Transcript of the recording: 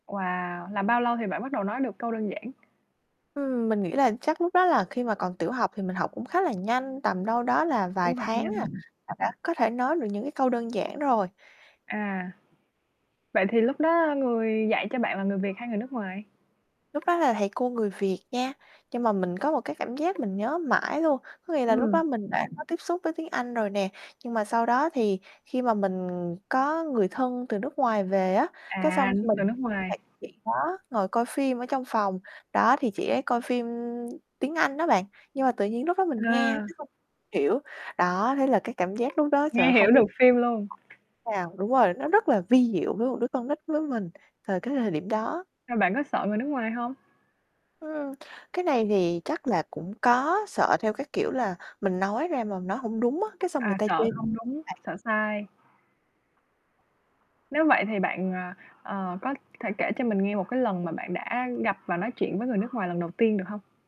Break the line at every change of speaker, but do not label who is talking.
Wow! Là bao lâu thì bạn bắt đầu nói được câu đơn giản?
Ừm, mình nghĩ là chắc lúc đó là khi mà còn tiểu học thì mình học cũng khá là nhanh, tầm đâu đó là vài
Cũng học
tháng à,
nhanh.
là đã có thể nói được những cái câu đơn giản rồi.
À. Vậy thì lúc đó người dạy cho bạn là người Việt hay người nước ngoài?
Lúc đó là thầy cô người Việt nha, nhưng mà mình có một cái cảm giác mình nhớ mãi luôn, có nghĩa là lúc
Ừm.
đó mình đã có tiếp xúc với tiếng Anh rồi nè, nhưng mà sau đó thì khi mà mình có người thân từ nước ngoài về á, cái
À,
xong
từ
mình
nước ngoài.
lại chị đó ngồi coi phim ở trong phòng, đó, thì chị ấy coi phim tiếng Anh đó bạn, nhưng mà tự nhiên lúc đó mình nghe,
À.
cái không hiểu, đó, thế là cái cảm giác lúc đó sợ
Nghe
không
hiểu
biết
được phim luôn.
nào đúng rồi, nó rất là vi diệu với một đứa con nít với mình từ cái thời điểm đó.
Rồi bạn có sợ người nước ngoài hông?
Ừm, cái này thì chắc là cũng có sợ theo cái kiểu là mình nói ra mà nói hông đúng á, cái xong người
À,
ta chê
sợ không đúng,
bạn.
sợ sai. Nếu vậy thì bạn, ờ, ờ, có thể kể cho mình nghe một cái lần mà bạn đã gặp và nói chuyện với người nước ngoài lần đầu tiên được hông?